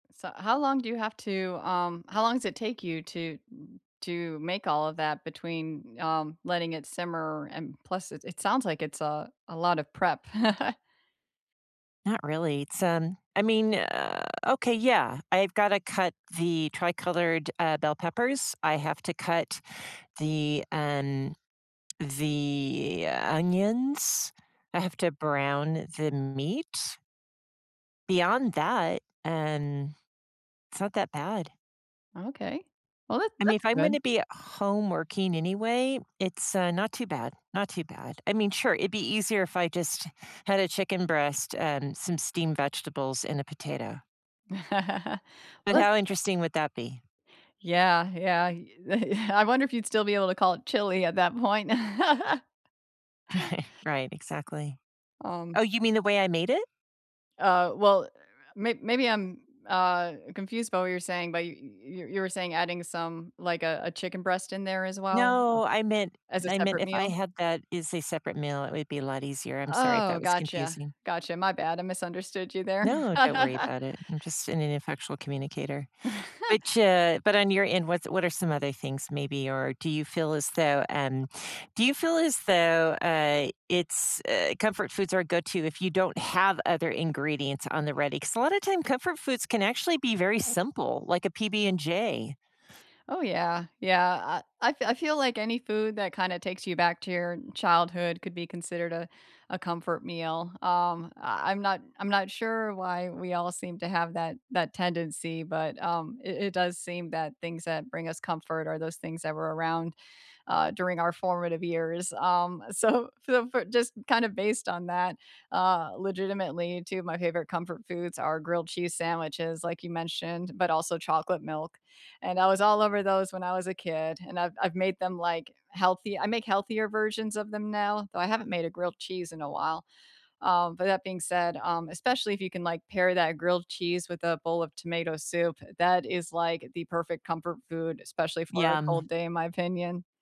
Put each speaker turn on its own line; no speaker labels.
So, how long do you have to, um how long does it take you to, mm, to make all of that between, um, letting it simmer, and plus, it it sounds like it's, uh, a lot of prep.
Not really. It's, um, I mean, uh okay, yeah. I've gotta cut the tri-colored, uh, bell peppers. I have to cut the, um, the onions. I have to brown the meat beyond that, um, it's not that bad.
Okay. Well, that
I mean,
that's
if I'm
good.
gonna be home working anyway, it's, uh, not too bad. Not too bad. I mean, sure. It'd be easier if I just had a chicken breast and some steamed vegetables and a potato. But
Let's
how interesting would that be?
Yeah, yeah, y I wonder if you'd still be able to call it chili at that point.
Right, exactly.
Um
Oh, you mean the way I made it?
Uh, well, may maybe I'm, uh, confused by what you're saying, but y y you were saying adding some, like, a a chicken breast in there as well Oh
No. I meant
As a
I meant
separate
if I
meal?
had that as a separate meal, it would be a lot easier. I'm sorry if that
Oh,
was
gotcha.
confusing.
Gotcha. My bad. I misunderstood you there.
No. Don't worry about it. I'm just an ineffectual communicator. Which, uh, but on your end, what's what are some other things maybe? Or do you feel as though, um, do you feel as though, uh, it's, uh, comfort foods are a go to if you don't have other ingredients on the ready? 'Cause a lot of time comfort foods can actually be very simple, like a PB and J.
Oh, yeah. Yeah. I I feel I feel like any food that kinda takes you back to your childhood could be considered a a comfort meal. Um, I I'm not I'm not sure why we all seem to have that that tendency, but, um, it it does seem that things that bring us comfort are those things that were around, uh, during our formative years. Um, so f f just kind of based on that, uh, legitimately 2 of my favorite comfort foods are grilled cheese sandwiches, like you mentioned, but also chocolate milk. And I was all over those when I was a kid and I've I've made them like healthy. I make healthier versions of them now, though I haven't made a grilled cheese in a while. Um, but that being said, um, especially if you can, like, pair that grilled cheese with a bowl of tomato soup, that is like the perfect comfort food, especially for a
Yum.
cold day in my opinion.